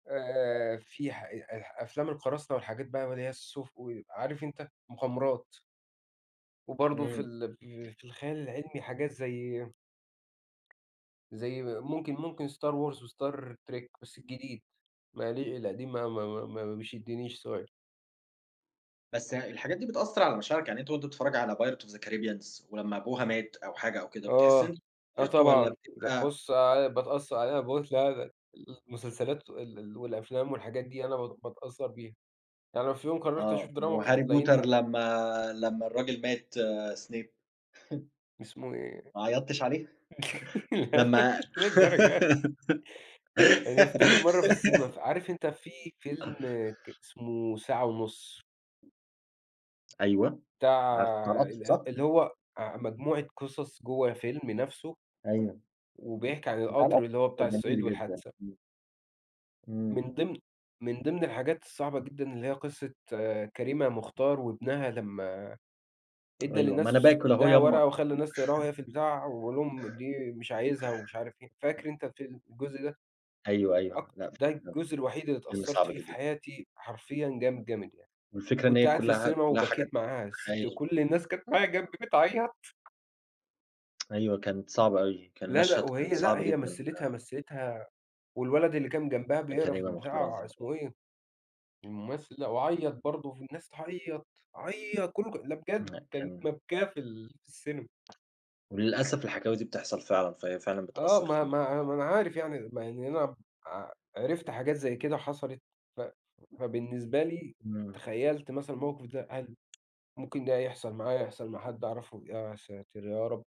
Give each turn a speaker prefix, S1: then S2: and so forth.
S1: آآ في ح أ أ أفلام القراصنة والحاجات بقى ما اللي هي [unintelligible] عارف أنت مغامرات. وبرضه في
S2: إمم.
S1: ال ف في الخيال العلمي حاجات زي زي ممكن ممكن Star Wars وStar Trek بس الجديد، ما لي القديم ما ما ما ما بيشدنّيش. [unintelligible]
S2: بس يع الحاجات دي بتأثّر على مشاعرك؟ يعني أنت وأنت بتتفرّج على Pirates of the Caribbeans، ولمّا أبوها مات أو حاجة أو كده، بتحس
S1: آه،
S2: إن
S1: آه
S2: [unintelligible] والّا
S1: طبعًا، لأ
S2: بتبقى
S1: بُصّ آآ باتأثّر عليَّ [unintelligible] المسلسلات ال ال والأفلام والحاجات دي أنا بت باتأثّر بيها، يعني لو في يوم قرّرت
S2: آه،
S1: أشوف دراما ك
S2: وHarry potter
S1: هتلاقيني
S2: لمّا، لمّا الراجل مات Snape.
S1: اسمه إيه؟
S2: ما عيطتش عليه؟ لمّا
S1: للدرجة دي! أنا افتكر مَرّة في السينما ف عارف أنت في فيلم ك اسمه ساعة ونُص.
S2: أيوه،
S1: بتاع
S2: عارفه، بتاع القطر صح؟
S1: ال اللي هو آآ مجموعة قصص جوة فيلم نفْسه
S2: أيوه،
S1: وبيحكي عن
S2: بتاع القطر،
S1: القطر اللي هو
S2: ده
S1: بتاع الصعيد
S2: جميل جدًا.
S1: والحادثة.
S2: إمم. إمم.
S1: من ضمن من ضمن الحاجات الصعبة جدًا اللي هي قصّة كريمة مختار وابنها لمّا ادّى
S2: أيوه، ما أنا
S1: للناس
S2: باكل أهو
S1: ادّاها
S2: يا
S1: ورقة
S2: أمّا.
S1: وخلّى الناس تقراها وهي في البتاع ويقول لهم دي مش عايزها ومش عارف إيه، فاكر أنت الفيلم الجزء ده؟
S2: أيوه، أيوه،
S1: أكت
S2: لأ
S1: ده
S2: [unintelligible]
S1: الجزء الوحيد اللي
S2: فيلم
S1: اتأثّرت
S2: صعب
S1: فيه في
S2: جدًا.
S1: حياتي حرفيًا جامد، جامد، يعني،
S2: والفكرة إن
S1: كنت
S2: هي
S1: قاعد في
S2: كلّها
S1: السينما
S2: كلّها حاجات
S1: وبكيت معاها الست،
S2: حقيقية.
S1: كلّ الناس كانت معايا جنبي بتعيّط.
S2: أيوه، كانت صعبة أوي، كان
S1: لا، لأ،
S2: مشهد كان
S1: وهي لأ
S2: صعب
S1: هي
S2: جدًا،
S1: مثلِتها
S2: آآ
S1: مثلِتها، والولد اللي كان جنبها بيقرا في
S2: كريمة مختار
S1: البتاع
S2: عظيمة [unintelligible]
S1: اسمه إيه؟ الممثل ده، وعيّط برضه والناس تعيّط، عيّط كلّه كا لا بجد،
S2: لأ
S1: كانت
S2: كان
S1: مبكاة في ال في السينما.
S2: وللأسف الحكاوي دي بتحصل فعلًا، فهي فعلًا
S1: آه
S2: بتأثّر
S1: ما
S2: فينا.
S1: ما ما أنا عارف يعني مع إني أنا ب ع عرفت حاجات زي كده حصلت ف فبالنسبة لي،
S2: إمم.
S1: تخيّلت مثلًا الموقف ده هل ممكن ده هيحصل معايا، يحصل مع حد أعرفه؟ يا ساتر يا رب.